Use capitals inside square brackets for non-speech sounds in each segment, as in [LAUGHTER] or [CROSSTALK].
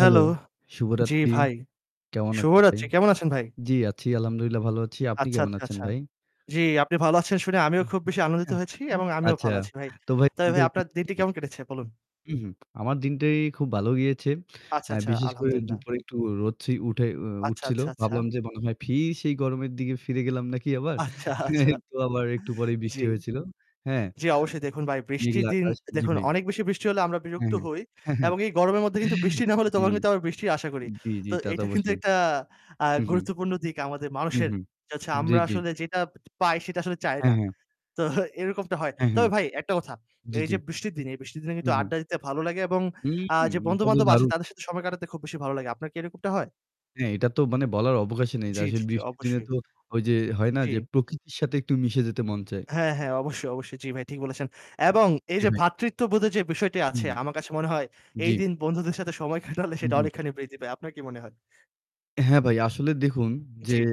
Hello, জি শুভরাত্রি। ভাই। কেমন শুভ আছেন ভাই? রাত্রি। কেমন আছেন ভাই? জি আছি, আলহামদুলিল্লাহ ভালো আছি। আপনি আচ্ছা, কেমন আচ্ছা, আছেন আচ্ছা। ভাই? জি, আপনি ভালো আছেন শুনে আমিও খুব বেশি আনন্দিত হয়েছি এবং [UNINTELLIGIBLE] আমিও আচ্ছা, ভালো আছি ভাই। তো ভাই তবে ভাই আপনার দিনটি [UNINTELLIGIBLE] কেমন কেটেছে বলুন? উ হুম। আমার দিনটাই খুব ভালো গিয়েছে। আচ্ছা, অ্যা আচ্ছা, বিশেষ করে আলহামদুলিল্লাহ। দুপুরে একটু রোদ ছে উঠে উ উ আচ্ছা, উঠছিল। আচ্ছা, আচ্ছা। ভাবলাম যে, মনে হয় ফের সেই গরমের দিকে ফিরে গেলাম নাকি আবার? আচ্ছা, আচ্ছা একটু আবার একটু পরেই জি, বৃষ্টি হয়েছিল। হ্যাঁ? জি অবশ্যই দেখুন ভাই বৃষ্টির মেঘলা দিন আকাশ জি দেখুন ভাই। অনেক বেশি বৃষ্টি হলে আমরা বিরক্ত হ্যাঁ। হই হ্যাঁ, হ্যাঁ, এবং এই গরমের মধ্যে কিন্তু বৃষ্টি না হলে জি। তখন কিন্তু আবার বৃষ্টির আশা করি। জি, জি। তো তা তো এটা কিন্তু অবশ্যই। একটা আ হু, হুম। গুরুত্বপূর্ণ দিক আমাদের হু, মানুষের। হুম। যে হচ্ছে জি, আমরা জি। আসলে যেটা পাই সেটা আসলে চাই হ্যাঁ, না। হ্যাঁ। তো এরকমটা হয়। হ্যাঁ, হ্যাঁ। তবে ভাই একটা কথা, জি, এই জি। যে বৃষ্টির দিন, এই বৃষ্টির দিনে হু, কিন্তু হুম। আড্ডা দিতে ভালো লাগে এবং আ যে উম! এটা তো বন্ধু-বান্ধব আছে দারুন। তাদের সাথে সময় কাটাতে খুব বেশি ভালো লাগে। আপনার কি এরকমটা হয়? হ্যাঁ, এটা তো মানে বলার অবকাশই নেই। আর জি, জি, আসলে জি, বৃষ্টির দিনে অবশ্যই। তো ওই যে হয় না যে, জি। প্রকৃতির সাথে একটু মিশে যেতে মন চায়। হ্যাঁ, হ্যাঁ অবশ্যই, অবশ্যই। জি ভাই ঠিক বলেছেন। এবং এই জি যে ভাই। ভ্রাতৃত্ববোধের যে বিষয়টি হু, আছে আমার কাছে মনে হয়। এই জি। দিন বন্ধুদের সাথে সময় কাটালে হু, সেটা হু। অনেকখানি বৃদ্ধি পায়। আপনার কি মনে হয়? হ্যাঁ ভাই, আসলে দেখুন যে, জি।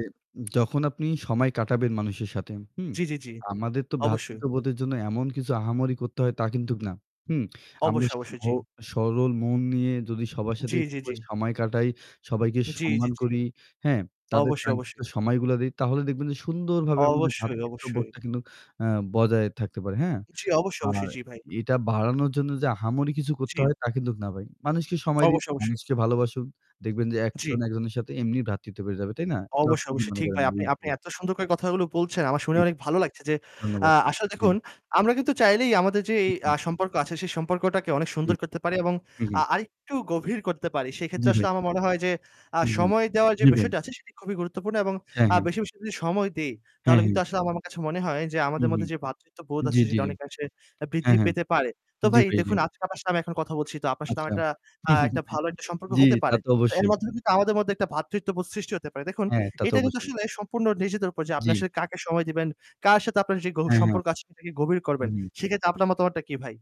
যখন আপনি সময় কাটাবেন মানুষের সাথে, হুম? জি, জি, জি, আমাদের তো অবশ্যই। ভ্রাতৃত্ববোধের জন্য এমন কিছু আহামরি করতে হয় তা কিন্তু না। হুম? [SMACKS LIPS] আমরা অবশ্যই, অবশ্যই, জি। [UNINTELLIGIBLE] সরল মন নিয়ে যদি সবার সাথে জি, একটু জি, জি। করে সময় কাটাই, সবাইকে জি, জি, সম্মান জি। করি, হ্যাঁ? তাদের অবশ্যই, কাঙ্ক্ষিত অবশ্যই। সময়গুলো দেই তাহলে দেখবেন যে, সুন্দরভাবে আমাদের অবশ্যই, অবশ্যই। ভ্রাতৃত্ববোধটা কিন্তু অ্যাঁ বজায় থাকতে পারে, হ্যাঁ? জি, অবশ্যই, আর অবশ্যই। জি, ভাই। এটা বাড়ানোর জন্য যে, আহামরি কিছু করতে জি। হয় তা কিন্তু না ভাই। মানুষকে সময় দিন, অবশ্যই, অবশ্যই। মানুষকে ভালোবাসুন। দেখবেন যে, জি। একজন একজনের সাথে এমনি ভ্রাতৃত্ব বেড়ে যাবে, তাই না? তো অবশ্যই, কি অবশ্যই মনে ঠিক করেন। ভাই। আপনি আপনি [UNINTELLIGIBLE] এত সুন্দর করে কথাগুলো বলছেন, আমার শুনে জি। অনেক ভালো লাগছে যে, আ ধন্যবাদ। আসলে জি। দেখুন আমরা কিন্তু চাইলেই আমাদের যে, এই আ [UNINTELLIGIBLE] সম্পর্ক আছে সেই সম্পর্কটাকে অনেক জি। সুন্দর করতে পারি এবং হুম, আ হুম। আরেকটু গভীর করতে পারি। সেক্ষেত্রে জি, ভাই। আসলে আমার মনে হয় যে, আ হুম, হুম। সময় দেওয়ার যে জি, ভাই। বিষয়টা আছে সেটি খুবই গুরুত্বপূর্ণ এবং হ্যাঁ, আ হ্যাঁ। বেশি, বেশি, করে যদি সময় দেই, হ্যাঁ, তাহলে কিন্তু হ্যাঁ। আসলে আমার আমার কাছে মনে হয় যে, হুম, আমাদের মধ্যে হুম। যে ভ্রাতৃত্ববোধ জি, আছে জি, সেটা জি। অনেকাংশে আ হ্যাঁ, বৃদ্ধি হ্যাঁ। পেতে পারে। তো জি, ভাই ভাই জি। দেখুন আজকে আপনার [UNINTELLIGIBLE] আমি এখন কথা বলছি। তো আপনার সাথে আচ্ছা। আমার একটা আ একটা ভালো একটা [CHUCKLES] সম্পর্ক জি, হতে তা পারে। তো তো এর অবশ্যই। মাধ্যমে কিন্তু আমাদের মধ্যে একটা ভ্রাতৃত্ববোধ সৃষ্টি হতে পারে। দেখুন হ্যাঁ, তা তো এটা কিন্তু অবশ্যই। আসলে সম্পূর্ণ নিজেদের উপর যে, আপনি জি। আসলে কাকে সময় দিবেন, কার সাথে আপনার যেই গভীর হ্যাঁ, হ্যাঁ। সম্পর্ক আছে সেটাকে গভীর করবেন। হুম, হুম। সেক্ষেত্রে আপনার মতামতটা কি ভাই?